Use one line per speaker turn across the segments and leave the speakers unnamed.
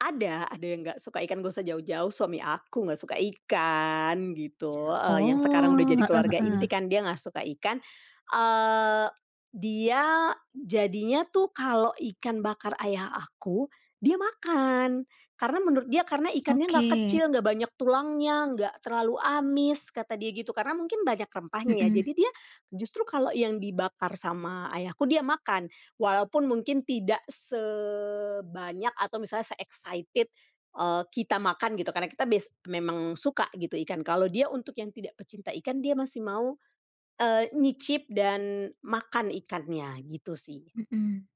Ada ada yang nggak suka ikan, nggak usah jauh-jauh suami aku nggak suka ikan, gitu. Heeh, yang sekarang udah jadi
Oh. Heeh
keluarga
heeh.
inti kan, dia nggak suka ikan, eee, dia jadinya tuh, kalau ikan bakar ayah aku, dia makan. Karena menurut dia, karena ikannya enggak
Oke.
kecil, enggak banyak tulangnya, enggak terlalu amis, kata dia gitu. Karena mungkin banyak rempahnya, ya.
Mhm.
Jadi dia, justru kalau yang dibakar sama Ayahku, dia makan. Walaupun mungkin tidak sebanyak, atau misalnya se-excited, eee, kita makan, gitu. Karena kita bias memang suka, gitu, ikan. Kalau dia untuk yang tidak pecinta ikan, dia masih mau, eee, nyicip, dan makan ikannya, gitu sih.
Mhm.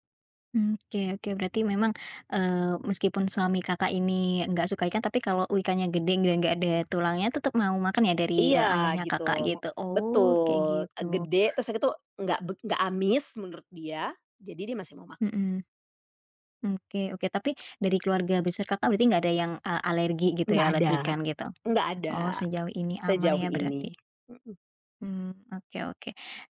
M oke oke. Berarti memang, eee, meskipun suami Kakak ini, nggak suka ikan, tapi kalau ikannya gede dan nggak ada tulangnya, tetep mau makan, ya? Dari,
Iya,
eee, ayahnya
gitu.
Kakak,
Me
gitu? Oh, kayak
betul. E
gitu.
gede, terus udah gitu, enggak bek enggak amis, menurut dia. Jadi, dia masih mau makan.
Mhm. Oke oke. Tapi, dari keluarga besar Kakak, berarti nggak ada yang, eee, alergi, gitu
Nggak
ya?
ada
Alergi ikan, gitu?
nggak ada.
Oh, sejauh ini aman
Sejauh
ya,
ini.
berarti?
Heeh.
Mmm. Oke oke.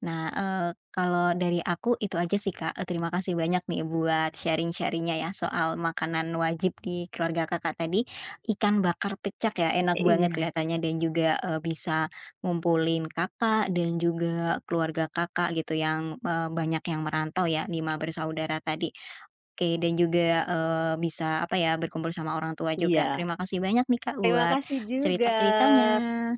Nah, eee, kalau dari aku, itu aja sih, Kak, eee, terima kasih banyak nih, buat sharing-sharing-nya, ya soal makanan wajib di keluarga Kakak tadi, ikan bakar pecak, ya?
E
Enak banget
iya.
kelihatannya, dan juga, eee, bisa ngumpulin Kakak dan juga keluarga Kakak, gitu. Yang eee, banyak yang merantau, ya 5 bersaudara tadi. Oke, dan juga, eee, bisa, apa ya, berkumpul sama orang tua juga.
Iya.
Terima kasih banyak nih, Kak,
Terima
buat
kasih juga.
cerita-ceritanya.